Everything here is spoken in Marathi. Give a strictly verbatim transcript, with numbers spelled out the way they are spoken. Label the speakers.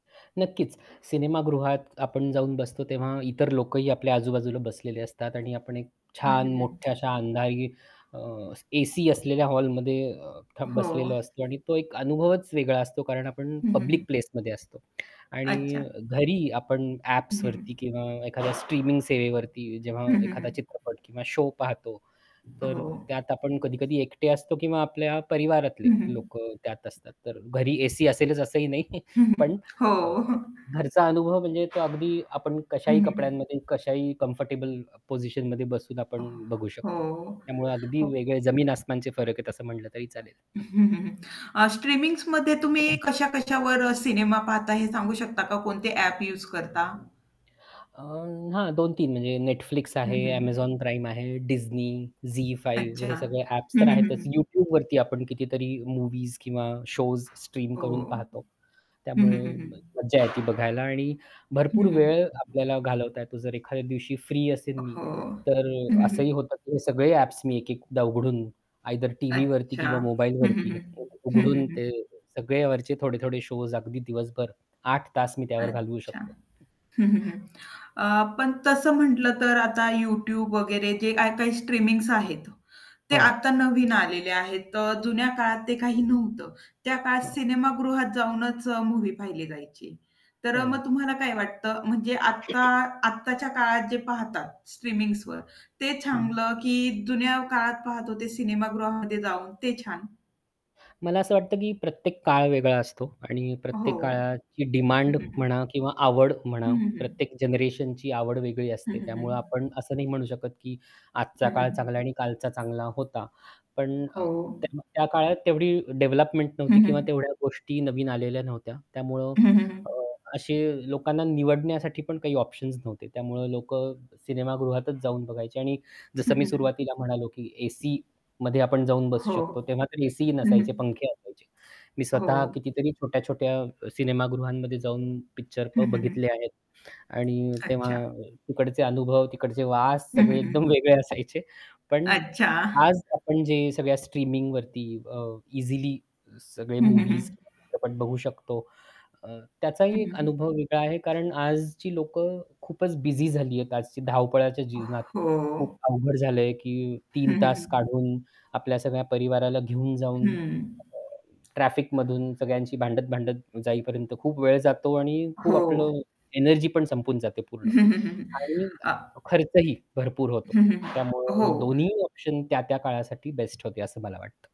Speaker 1: नक्कीच, सिनेमागृहात आपण जाऊन बसतो तेव्हा इतर लोकंही आपल्या आजूबाजूला बसलेले असतात आणि आपण एक
Speaker 2: हं,
Speaker 1: छान
Speaker 2: हं,
Speaker 1: मोठ्या
Speaker 2: हं.
Speaker 1: अशा अंधारी अ, एसी असलेल्या हॉलमध्ये अ,
Speaker 2: हो.
Speaker 1: बसलेलो असतो. आणि तो एक अनुभवच वेगळा असतो, कारण आपण
Speaker 2: हं, हं, हं.
Speaker 1: पब्लिक प्लेसमध्ये असतो. आणि
Speaker 2: अच्छा.
Speaker 1: घरी आपण
Speaker 2: हं.
Speaker 1: ॲप्सवरती किंवा एखाद्या स्ट्रीमिंग सेवेवरती जेव्हा
Speaker 2: हं, हं,
Speaker 1: एखादा
Speaker 2: हं.
Speaker 1: चित्रपट किंवा शो पाहतो, तर
Speaker 2: हो.
Speaker 1: त्यात आपण कधी-कधी एकटे असतो किंवा आपल्या परिवारातले
Speaker 2: हं, हं.
Speaker 1: लोक त्यात असतात. तर घरी एसी असेलच असंही नाही.
Speaker 2: हं, हं.
Speaker 1: पण
Speaker 2: हो.
Speaker 1: अ, घरचा अनुभव म्हणजे तो अगदी आपण
Speaker 2: हं,
Speaker 1: कशाही
Speaker 2: हं, हं.
Speaker 1: कपड्यांमध्ये कशाही कम्फर्टेबल पोझिशनमध्ये बसून
Speaker 2: हो,
Speaker 1: आपण बघू शकतो.
Speaker 2: हो.
Speaker 1: त्यामुळे अगदी
Speaker 2: हो.
Speaker 1: वेगळे जमीन-आसमानचे फरक आहेत असं म्हटलं तरी चालेल.
Speaker 2: अ, स्ट्रीमिंग्समध्ये तुम्ही कशा-कशावर अ, सिनेमा पाहता, हे सांगू शकता का? कोणते ॲप यूज करता?
Speaker 1: अ, हां, दोन तीन म्हणजे Netflix
Speaker 2: हं,
Speaker 1: आहे,
Speaker 2: हं, हं.
Speaker 1: Amazon Prime आहे, Disney, ZEE5
Speaker 2: अच्छा,
Speaker 1: हे सगळे ॲप्स
Speaker 2: हं,
Speaker 1: तर
Speaker 2: हं, हं,
Speaker 1: आहेतच
Speaker 2: हं.
Speaker 1: YouTubeवरती आपण कितीतरी मूवीज किंवा शोज स्ट्रीम
Speaker 2: हो.
Speaker 1: करून पाहतो
Speaker 2: हं,
Speaker 1: त्यामुळे
Speaker 2: हं, हं, हं.
Speaker 1: मज्जा येते, ती बघायला आणि भरपूर
Speaker 2: हं, हं.
Speaker 1: वेळ आपल्याला घालवता येतो जर एखाद्या दिवशी फ्री असेन मी,
Speaker 2: हो.
Speaker 1: तर
Speaker 2: हं, हं,
Speaker 1: असंही
Speaker 2: हं.
Speaker 1: होतं की हे सगळे ॲप्स मी एकेकदा उघडून आयदर टीव्हीवरती
Speaker 2: अच्छा.
Speaker 1: किंवा
Speaker 2: हं, हं,
Speaker 1: मोबाईलवरती
Speaker 2: हं.
Speaker 1: [unintelligible]
Speaker 2: हं, हं,
Speaker 1: उघडून
Speaker 2: हं,
Speaker 1: ते
Speaker 2: हं.
Speaker 1: सगळेयावरचे थोडे-थोडे शोज अगदी दिवसभर आठ तास मी त्यावर घालवू
Speaker 2: अच्छा.
Speaker 1: शकतो.
Speaker 2: हं, हं, हं. अ, पण तसं म्हटलं तर आता YouTube वगैरे जे काही-काही स्ट्रीमिंग्स आहेत, ते
Speaker 1: हो.
Speaker 2: आता नवीन आलेले आहेत. तर जुन्या काळात ते काही नव्हतं. त्या काळात
Speaker 1: हो.
Speaker 2: सिनेमागृहात जाऊनच अ, मूव्ही पाहिली जायची. तर अ, मग
Speaker 1: हो.
Speaker 2: तुम्हाला काय वाटतं म्हणजे आत्ता आत्ताच्या काळात जे पाहतात, स्ट्रीमिंग्सवर ते
Speaker 1: हं.
Speaker 2: चांगलं की जुन्या काळात पाहत होते सिनेमागृहामध्ये जाऊन ते छान?
Speaker 1: मला असं वाटतं की प्रत्येक काळ वेगळा असतो आणि
Speaker 2: हो.
Speaker 1: प्रत्येक काळाची
Speaker 2: हं,
Speaker 1: डिमांड
Speaker 2: हं, हं.
Speaker 1: म्हणा किंवा आवड म्हणा.
Speaker 2: हं, हं.
Speaker 1: प्रत्येक जनरेशनची आवड वेगळी
Speaker 2: हं,
Speaker 1: असते.
Speaker 2: हं,
Speaker 1: त्यामुळे आपण
Speaker 2: हं.
Speaker 1: असं नाही म्हणू शकत की आजचा
Speaker 2: हं,
Speaker 1: काळ
Speaker 2: हं.
Speaker 1: चांगला आणि कालचा चांगला होता. पण
Speaker 2: हो.
Speaker 1: अ, तेव्हा त्या काळात तेवढी डेव्हलपमेंट
Speaker 2: हं,
Speaker 1: नव्हती
Speaker 2: हं,
Speaker 1: किंवा
Speaker 2: हं.
Speaker 1: तेवढ्या गोष्टी नवीन आलेल्या नव्हत्या. त्यामुळं
Speaker 2: हं, हं,
Speaker 1: अ,
Speaker 2: हं.
Speaker 1: असे लोकांना निवडण्यासाठी पण काही ऑप्शन्स नव्हते, त्यामुळं लोक सिनेमागृहातच जाऊन बघायचे. आणि
Speaker 2: हं,
Speaker 1: जसं मी
Speaker 2: हं, हं.
Speaker 1: सुरुवातीला म्हणालो की एसीमध्ये आपण जाऊन बसू शकतो,
Speaker 2: हो.
Speaker 1: तेव्हा तर एसीही
Speaker 2: हं.
Speaker 1: नसायचे पंखे असायचे. मी
Speaker 2: हो.
Speaker 1: स्वतः कितीतरी छोट्या-छोट्या सिनेमागृहांमध्ये जाऊन पिक्चर
Speaker 2: हं, हं, हं.
Speaker 1: बघितले आहेत. आणि तेव्हा
Speaker 2: अच्छा.
Speaker 1: तिकडचे अनुभव, तिकडचे वास
Speaker 2: हं,
Speaker 1: सगळे
Speaker 2: हं,
Speaker 1: एकदम
Speaker 2: हं.
Speaker 1: वेगळे असायचे. पण
Speaker 2: अच्छा.
Speaker 1: आज आपण जे सगळ्या स्ट्रीमिंगवरती अ, इझिली सगळे
Speaker 2: हं, हं, हं.
Speaker 1: मूवीज किंवा चित्रपट बघू शकतो अ,
Speaker 2: हं,
Speaker 1: त्याचाही एक
Speaker 2: हं, हं.
Speaker 1: अनुभव वेगळा आहे, कारण आजची लोक खूपच बिझी झाली आहेत, आजची धावपळाच्या जीवनात.
Speaker 2: हो.
Speaker 1: खूप अवघड झालंय की
Speaker 2: हं,
Speaker 1: तीन
Speaker 2: हं,
Speaker 1: तास
Speaker 2: हं.
Speaker 1: काढून आपल्या सगळ्या परिवाराला घेऊन जाऊन
Speaker 2: हं.
Speaker 1: ट्रॅफिकमधून सगळ्यांशी भांडत-भांडत जाईपर्यंत खूप वेळ जातो आणि खूप
Speaker 2: हो.
Speaker 1: आपलं एनर्जी पण संपून जाते पूर्ण.
Speaker 2: हं, हं, हं, हं.
Speaker 1: आणि
Speaker 2: अ
Speaker 1: खर्चही भरपूर होतो.
Speaker 2: हं, हं, हं.
Speaker 1: त्यामुळे
Speaker 2: हो.
Speaker 1: दोन्ही ऑप्शन त्या-त्या काळासाठी बेस्ट होते असं मला वाटतं.